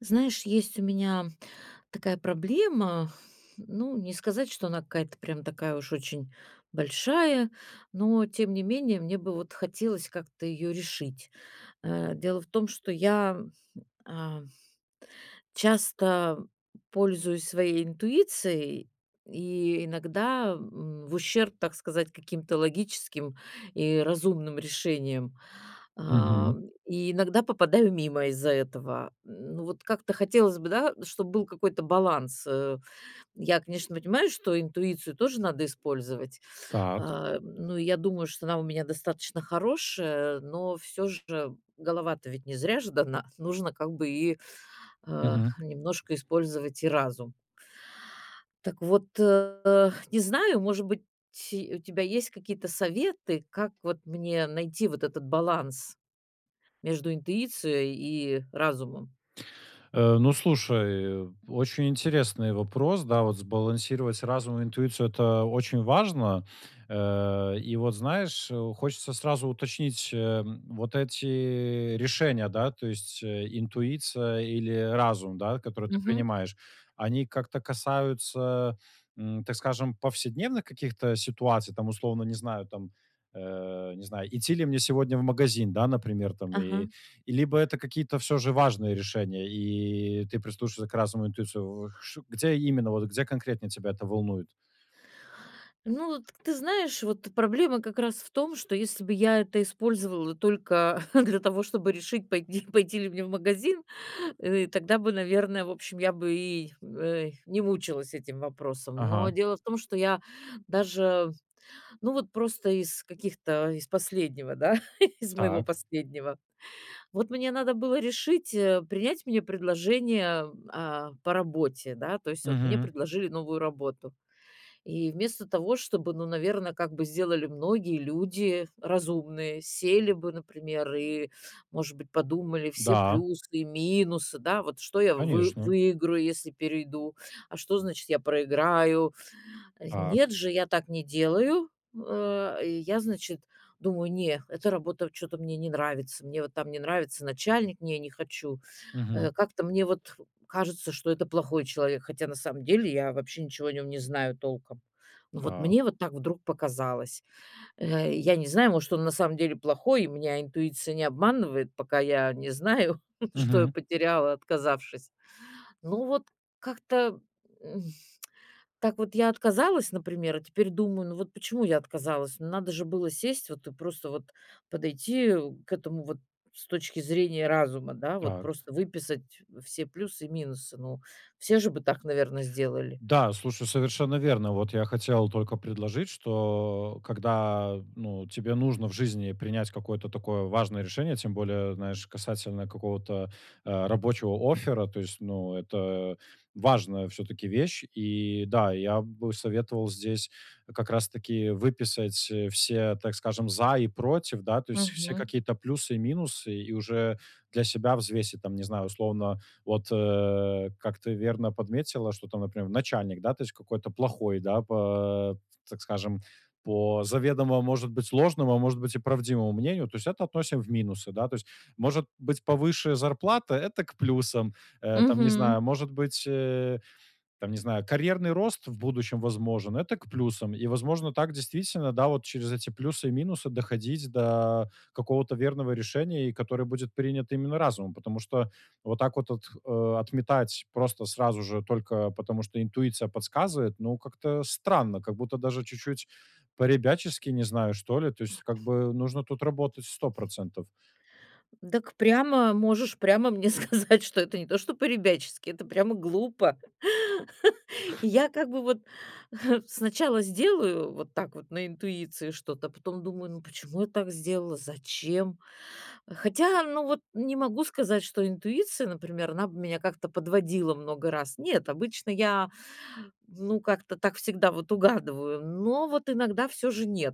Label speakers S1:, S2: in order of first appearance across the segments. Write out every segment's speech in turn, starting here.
S1: Знаешь, есть у меня такая проблема, ну, не сказать, что она какая-то прям такая уж очень большая, но тем не менее мне бы вот хотелось как-то ее решить, э. Дело в том, что я, а часто пользуюсь своей интуицией и иногда, м, в ущерб, так сказать, каким-то логическим и разумным решениям, а,
S2: Мгм.
S1: и иногда попадаю мимо из-за этого. Ну, вот как-то хотелось бы да, чтобы был какой-то баланс, э. Я, конечно, понимаю, что интуицию тоже надо использовать.
S2: Так.
S1: А, ну, и я думаю, что она у меня достаточно хорошая, но всё же голова-то ведь не зря же дана. Нужно как бы и, а,
S2: Мгм.
S1: немножко использовать и разум. Так вот, а, не знаю, может быть, у тебя есть какие-то советы, как вот мне найти вот этот баланс между интуицией и разумом.
S2: Э, ну слушай. Очень интересный вопрос, да, вот. Сбалансировать разум и интуицию- это очень важно. Э, и вот знаешь, хочется сразу уточнить, э, вот эти решения, да, то есть интуиция или разум, да, которые ты
S1: Мгм.
S2: принимаешь, они как-то касаются, м, так скажем, повседневных каких-то ситуаций? Там условно, не знаю там, э, не знаю, идти ли мне сегодня в магазин, да, например, там, э,
S1: Ага.
S2: либо это какие-то всё же важные решения и ты прислушиваешься к разным интуициям. Где именно, вот где конкретно тебя это волнует?
S1: Ну вот ты знаешь, вот проблема как раз в том, что если бы я это использовала только для того, чтобы решить, пойти пойти ли мне в магазин, э, тогда бы, наверно, в общем, я бы и, э, не мучилась этим вопросом. Но
S2: Ага.
S1: дело в том, что я даже, ну, вот просто из каких-то из последнего да, из моего
S2: Так.
S1: последнего. Вот мне надо было решить, э, принять мне предложение, а, по работе, да. То есть вот мне
S2: Мгм.
S1: предложили новую работу. И вместо того, чтобы, ну, наверно, как бы сделали многие люди разумные, сели бы, например, и, может быть, подумали все
S2: Да.
S1: плюсы и минусы, да, вот что я вы
S2: Конечно.
S1: выиграю, если перейду, а что, значит, я проиграю.
S2: Так.
S1: Нет же, я так не делаю, э. Я, значит, думаю, не, эта работа чё-то мне не нравится. Мне вот там не нравится начальник, не не хочу. Э,
S2: Мгм.
S1: как-то мне вот кажется, что это плохой человек. Хотя на самом деле я вообще ничего о нём не знаю толком. Но вот
S2: Так.
S1: мне вот так вдруг показалось. Э, я не знаю, может, он на самом деле плохой, и меня интуиция не обманывает, пока я не знаю, что я
S2: Мгм.
S1: потеряла, отказавшись. Ну вот как-то, м. Так вот я отказалась, например, а теперь думаю, ну вот почему я отказалась? Надо же было сесть вот и просто вот подойти к этому вот с точки зрения разума, да. Вот
S2: Так.
S1: просто выписать все плюсы и минусы, ну. Все же бы так, наверно, сделали.
S2: Да слушай. Совершенно верно вот. Я хотел только предложить, что когда, ну, тебе нужно в жизни принять какое-то такое важное решение, тем более, знаешь, касательно какого-то, а, рабочего оффера, то есть, ну, это важная всё-таки вещь. И, да, и я бы советовал здесь как раз таки выписать, э, все, так скажем, за и против, да, то есть все
S1: Мгм.
S2: какие-то плюсы и минусы и уже для себя взвесить там, не знаю, условно, вот, э, как ты верно подметила, что там, например, начальник да, то есть какой-то плохой, да, по, т так скажем, по заведомо, может быть, ложному, а может быть, и правдивому мнению, то есть это относим в минусы, да. То есть может быть повыше зарплата- это к плюсам. Э, там, не
S1: Мгм.
S2: знаю, может быть, э, там, не знаю, карьерный рост в будущем возможен- это к плюсам. И возможно так, действительно, да, вот через эти плюсы и минусы доходить до какого-то верного решения, и которое будет принято именно разумом. Потому что вот так вот от э, отметать просто сразу же только потому, что интуиция подсказывает, ну, как-то странно, как будто даже чуть-чуть по-ребячески, не знаю, что ли. То есть как бы нужно тут работать 100 %.
S1: Дак прямо можешь прямо мне сказать, что это не то что по-ребячески, это прямо глупо. И я как бы вот сначала сделаю вот так вот на интуиции что-то, а потом думаю, ну, почему я так сделала, зачем? Хотя, ну, вот не могу сказать, что интуиция, например, она бы меня как-то подводила много раз. Нет, обычно я, ну, как-то так всегда вот угадываю, но вот иногда всё же нет,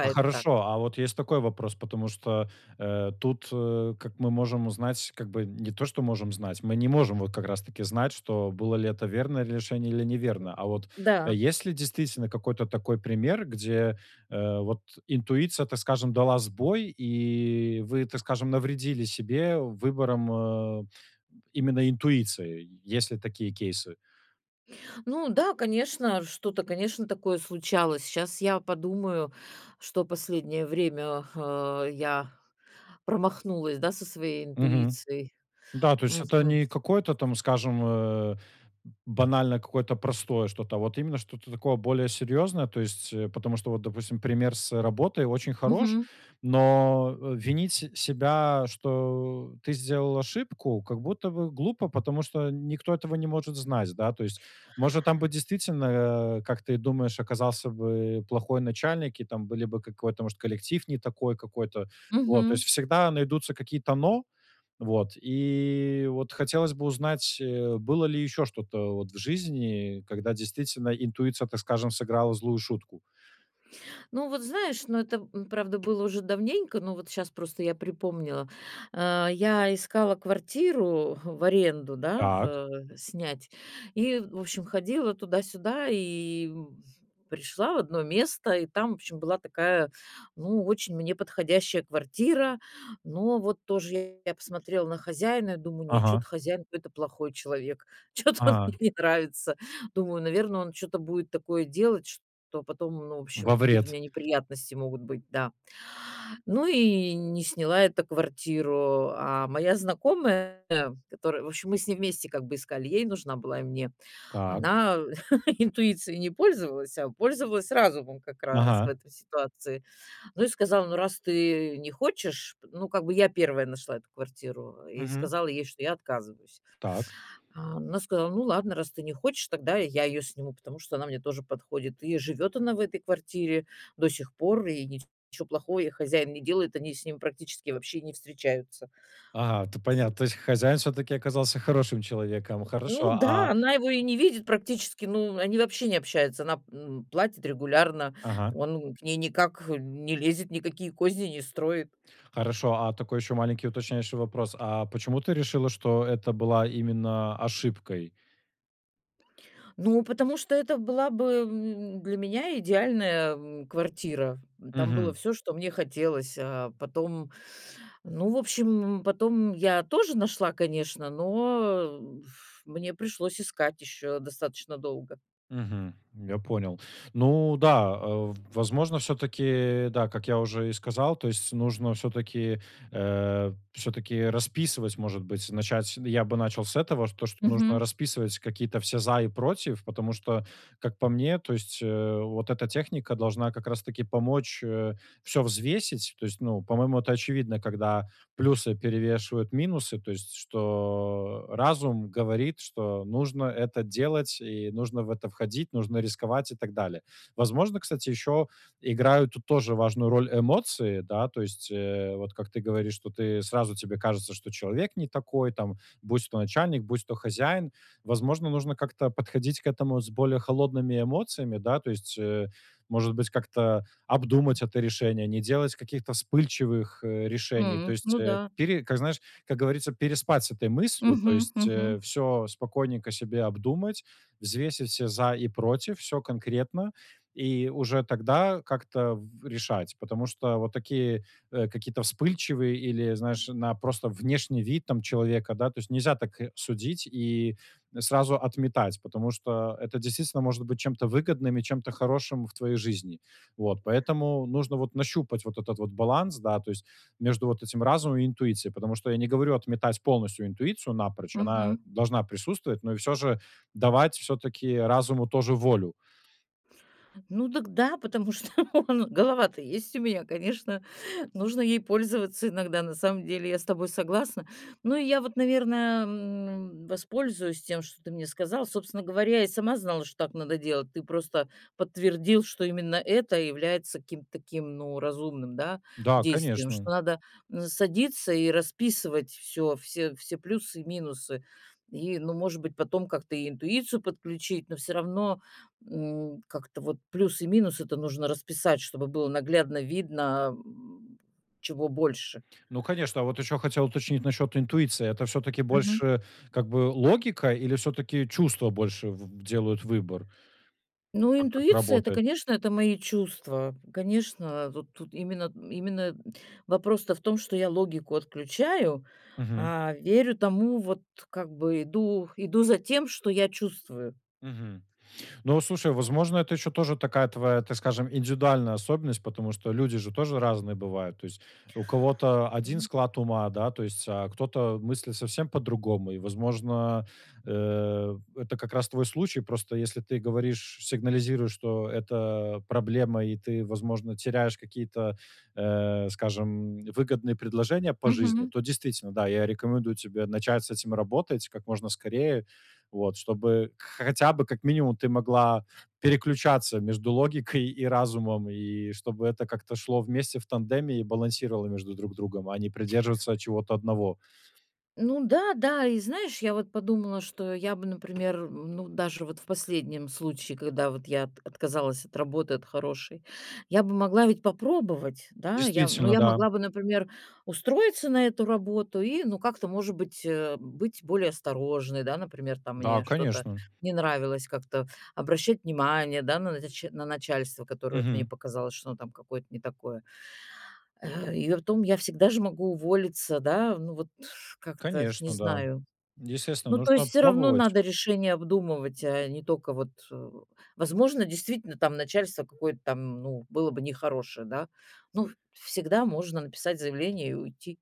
S2: А
S1: так.
S2: хорошо, а вот есть такой вопрос, потому что, э, тут, э, как мы можем узнать, как бы не то, что можем знать, мы не можем вот как раз таки знать, что было ли это верное решение или неверное. А вот
S1: Да.
S2: есть ли, действительно, какой-то такой пример, где, э, вот интуиция, так скажем, дала сбой и вы, так скажем, навредили себе выбором, э, именно интуиции? Есть ли такие кейсы?
S1: Ну да, конечно, что-то, конечно, такое случалось. Щас я подумаю, что последнее время, а, я промахнулась, да, со своей
S2: Мгм.
S1: интуицией.
S2: Да, то есть это
S1: Мгм.
S2: не какое-то там, скажем, э, б банально какое-то простое что-то, а вот именно что-то такое более серьезное, то есть, э, потому что вот, допустим, пример с работой очень хорош,
S1: Мгм.
S2: но винить се себя, что ты сделал ошибку, как будто бы глупо, потому что никто этого не может знать, да. То есть, может, там бы действительно, а, как ты и думаешь, оказался бы плохой начальник, и там были бы какой-то, может, коллектив не такой какой-то вот. То
S1: Мгм.
S2: есть всегда найдутся какие-то "но". Вот, и вот хотелось бы узнать, э, было ли еще что-то вот в жизни, когда действительно интуиция, так скажем, сыграла злую шутку.
S1: Ну вот знаешь, ну это, м, правда, было уже давненько, но вот щас просто я припомнила. А, я искала квартиру, в аренду да,
S2: Так.
S1: а, снять и, в общем, ходила туда-сюда и пришла в одно место. И там, в общем, была такая, ну, очень мне подходящая квартира. Но вот тоже я посмотрела на хозяина и думаю, нет, чё-то
S2: Ага.
S1: хозяин какой-то плохой человек. Чё-то он мне
S2: Ага.
S1: не нравится. Думаю, наверно, он чё-то будет такое делать, что потом, ну, в общем,
S2: Во
S1: какие-то у
S2: вред.
S1: меня неприятности могут быть, да. Ну и не сняла эту квартиру. А моя знакомая, которая, в общем, мы с ней вместе как бы искали, ей нужна была и мне.
S2: Так.
S1: Она интуицией не пользовалась, а пользовалась разумом как раз в
S2: Ага.
S1: этой ситуации. Ну и сказала: "Ну, раз ты не хочешь" Ну как бы я первая нашла эту квартиру. И
S2: Мгм.
S1: сказала ей, что я отказываюсь.
S2: Так.
S1: А она сказала: "Ну ладно, раз ты не хочешь, тогда я её сниму, потому что она мне тоже подходит". И живёт она в этой квартире до сих пор, и ничего плохого ей хозяин не делает. Они с ним практически вообще не встречаются.
S2: Ага, это
S1: Ты з
S2: понятно. То есть хозяин всё-таки оказался хорошим человеком.
S1: Ну
S2: Хорошо, а
S1: да, она его и не видит практически. Ну, они вообще не общаются. Она, м, платит регулярно.
S2: Ага.
S1: Он к ней никак не лезет, никакие козни не строит.
S2: Хорошо, а такой еще маленький уточняющий вопрос. А почему ты решила, что это была именно ошибкой?
S1: Ну, потому что это была бы, м, для меня идеальная, эм, квартира. Там было
S2: Мгм.
S1: всё, что мне хотелось. А потом, ну, в общем, м, потом я тоже нашла, конечно, но, э, б ф мне пришлось искать ещё достаточно долго.
S2: Мгм. Я понял. Ну да, э, в возможно, всё-таки, да, как я уже и сказал, то есть нужно, всё-таки, э, всё-таки, расписывать, может быть, начать, н я бы начал с этого, с то, что нужно
S1: Мгм.
S2: расписывать какие-то все "за и против", потому что, как по мне, то есть, э, вот эта техника должна как раз-таки помочь, э, всё взвесить, то есть, ну, по-моему, это очевидно, когда плюсы перевешивают минусы, то есть, что, э, разум говорит, что нужно это делать и нужно в это входить, нужно рисковать и так далее. Возможно, кстати, ещё играют тут тоже важную роль эмоции, да? То есть, э, вот как ты говоришь тут, и сразу тебе кажется, что человек не такой там- будь то начальник, будь то хозяин. Возможно, нужно как-то подходить к этому с более холодными эмоциями, да? То есть, э, может быть, как-то обдумать это решение, не делать каких-то вспыльчивых, э, решений. То
S1: М.
S2: есть,
S1: Ну
S2: э,
S1: да.
S2: пире как, знаешь, как говорится, переспать с этой мыслью, то
S1: Мгм,
S2: есть,
S1: мгм.
S2: э, всё спокойненько себе обдумать, взвесить все "за и против", всё конкретно, и уже тогда как-то в решать. Потому что вот такие, э, какие-то вспыльчивые или, знаешь, на просто внешний вид там человека, да? То есть, нельзя так, э, судить и н сразу отметать, потому что это действительно может быть чем-то выгодным и чем-то хорошим в твоей жизни. Вот. Поэтому нужно вот нащупать вот этот вот баланс, да, то есть, между вот этим разумом и интуицией, потому что я не говорю отметать полностью интуицию напрочь. Она
S1: Мгм.
S2: должна присутствовать, но и всё же давать всё-таки разуму тоже волю.
S1: Ну дак да, потому что, ну, голова-то есть у меня, конечно, нужно ей пользоваться иногда. На самом деле, я с тобой согласна. Ну, и я вот, наверное, э, м, воспользуюсь тем, что ты мне сказал. Собственно говоря, я и сама знала, что так надо делать. Ты просто подтвердил, что именно это является каким-то таким, ну, разумным, да,
S2: Да,
S1: действием.
S2: конечно.
S1: Что надо, э, садиться и расписывать всё, все все плюсы и минусы. И, ну, может быть, потом как-то и интуицию подключить, но всё равно, м, как-то вот плюс и минусы- это нужно расписать, чтобы было наглядно видно, ам, чего больше.
S2: Ну, конечно, вот еще хотел уточнить насчет интуиции: это всё-таки
S1: Мгм.
S2: больше как бы логика, или всё-таки чувства больше в делают выбор?
S1: Ну,
S2: Так, как
S1: интуиция- это,
S2: работает.
S1: конечно, это- мои чувства. Конечно, тут тут именно именно д вопрос-то в том, что я логику отключаю,
S2: Мгм.
S1: а верю тому, вот, как бы, иду иду за тем, что я чувствую.
S2: Мгм. Ну вот слушай, возможно, это ещё тоже такая твоя, так скажем, индивидуальная особенность, потому что люди же тоже разные бывают, то есть у кого-то 1 склад ума, да, то есть, а кто-то мыслит совсем по-другому. И, возможно, э, это как раз твой случай. Просто если ты говоришь, сигнализируешь, что это проблема и ты, возможно, теряешь какие-то, э, скажем, выгодные предложения по жизни,
S1: Мгм.
S2: то действительно, да, я рекомендую тебе начать с этим работать как можно скорее, вот, чтобы к хотя бы, как минимум, ты могла переключаться между логикой и разумом, и чтобы это как-то шло вместе в тандеме и балансировало между друг другом, а не придерживаться чего-то одного.
S1: Ну да, да.И знаешь, я вот подумала, что я бы, например, м, ну, даже вот в последнем случае, когда вот я от отказалась от работы, от хорошей, я бы могла ведь попробовать, да. Я ну,
S2: Действительно,
S1: я
S2: да.
S1: могла бы, например, устроиться на эту работу и, ну, как-то, может быть, э, быть более осторожной. Да, например, там,
S2: Да,
S1: мне что-то
S2: конечно.
S1: не нравилось, как-то обращать внимание, да, на нач на начальство, которое вот мне
S2: Мгм.
S1: показалось, что оно там какое-то не такое. Э, и притом я всегда же могу уволиться, да. Ну, вот как-то не
S2: Конечно,
S1: знаю.
S2: да, естественно,
S1: Ну, то
S2: нужно
S1: есть всё равно
S2: пробовать.
S1: надо решение обдумывать, а не только вот э Возможно, действительно там начальство какое-то там, ну, было бы нехорошее, да. Ну, всегда можно написать заявление и уйти.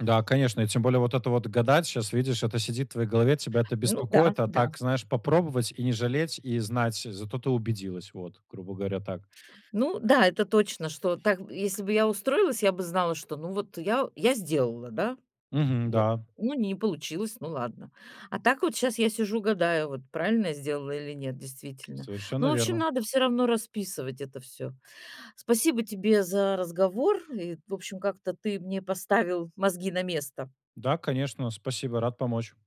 S2: Да, конечно, и тем более вот это вот гадать сейчас, видишь, это сидит в твоей голове, тебя это
S1: Ну да,
S2: беспокоит, а
S1: да.
S2: так, знаешь, попробовать и не жалеть и знать, зато ты убедилась. Вот, грубо говоря, так.
S1: Ну да, это точно, что так б Если бы я устроилась, я бы знала, что, ну, вот я я сделала, да,
S2: Мгм,
S1: я
S2: да.
S1: Ну, не получилось, ну, ладно. А так вот сейчас я сижу, гадаю, вот правильно я сделала или нет действительно. Ну,
S2: Совершенно
S1: в общем,
S2: верно.
S1: надо всё равно расписывать это всё. Спасибо тебе за разговор. И, в общем, как-то ты мне поставил мозги на место.
S2: Да, конечно, спасибо, рад помочь.